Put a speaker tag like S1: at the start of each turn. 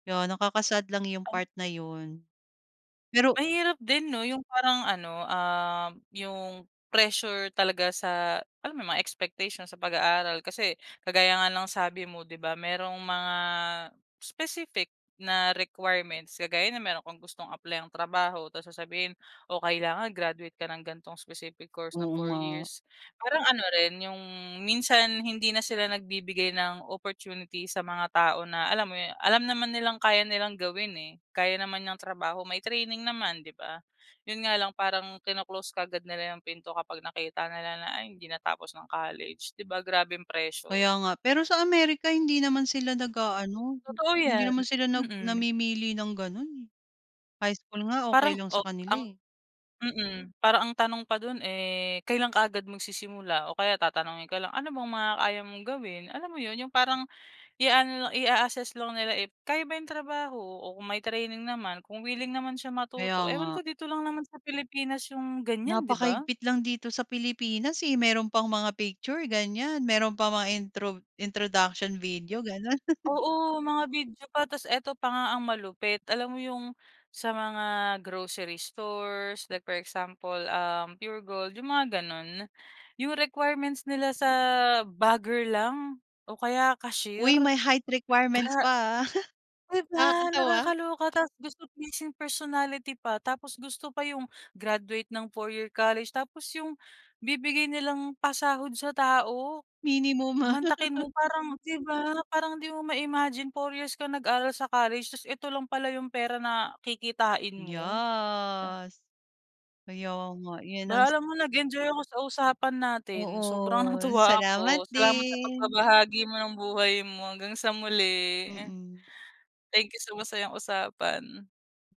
S1: Yeah, nakaka-sad lang 'yong
S2: Tan
S1: part na 'yon. Pero
S2: Mahirap din 'no, 'yong parang ano, um, 'yong pressure talaga sa, alam mo 'yong, mga expectation sa pag-aaral. Kasi, kagaya nga ng sabi mo 'di ba, merong mga, specific na requirements. Kagaya no'n meron kang gustong apply-ang trabaho tas sasabihin o kailangan graduate ka ng gan'tong specific course na
S1: Oo
S2: four
S1: nga.
S2: years. Parang ano rin 'yong, minsan hindi na sila nagbibigay ng opportunity sa mga tao na, alam mo 'yon, alam naman nilang kaya nilang gawin, eh, kaya naman yang trabaho, may training naman, 'di ba? 'Yon nga lang parang kino-close kaagad nila 'yong pinto kapag nakita nila na "Ay, hindi natapos ng college", 'di ba, grabeng pressure?
S1: Kaya nga. Pero sa Amerika hindi naman sila nag-aano,
S2: Totoo
S1: hindi
S2: yan,
S1: naman sila nag
S2: mm.
S1: namimili ng gano'n, eh. High school nga okey
S2: Parang,
S1: lang sa
S2: oh,
S1: kanila,
S2: ang
S1: eh.
S2: mm, parang ang tanong pa do'n eh, kailan ka agad magsisimula? O kaya tatanungin ka lang ano bang mga kaya mong gawin? Alam mo 'yon? 'Yong parang i-aano lang, i-a-asess lang nila if kaya ba 'yong trabaho, o kung may training naman kung wiling naman siya
S1: Kaya
S2: matuto. Ewan
S1: nga.
S2: ko dito lang naman sa Pilipinas 'yong ganyan, 'di ba?
S1: Napakahigpit lang dito sa Pilipinas, eh, meron pang mga picture, ganyan. Meron pang mga introv introduction video gano'n.
S2: Oo, mga video pa, tapos ito pa nga ang malupit, alam mo 'yong, sa mga grocery stores, like for example, um, Puregold, 'yong mga gano'n? 'Yong requirements nila sa, bagger lang o kaya cashier,
S1: Uy, may height
S2: gra
S1: requirements pa, ah.
S2: 'di ba?
S1: Nakakatawa.
S2: Nakakaloka tapos gusto pleasing personality pa, tapos gusto pa 'yong graduate ng 4 year college. Tapos 'yong bibigay nilang pasahod sa tao,
S1: Minimum, ah.
S2: mantakin mo parang, 'di ba? Parang 'di mo ma-imagine 4 years ka nag-aral sa college, tas eto lang pala 'yong pera na kikitain mo? La
S1: Yes. Kaya nga, 'yon ang
S2: Ba, alam mo, nag-enjoy ako sa usapan natin, sobrang
S1: Oo.
S2: natuwa
S1: Salamat
S2: ako. Salamat sa
S1: din.
S2: pagbabahagi mo ng buhay mo hanggang sa muli.
S1: Mm.
S2: Thank you sa masayang usapan.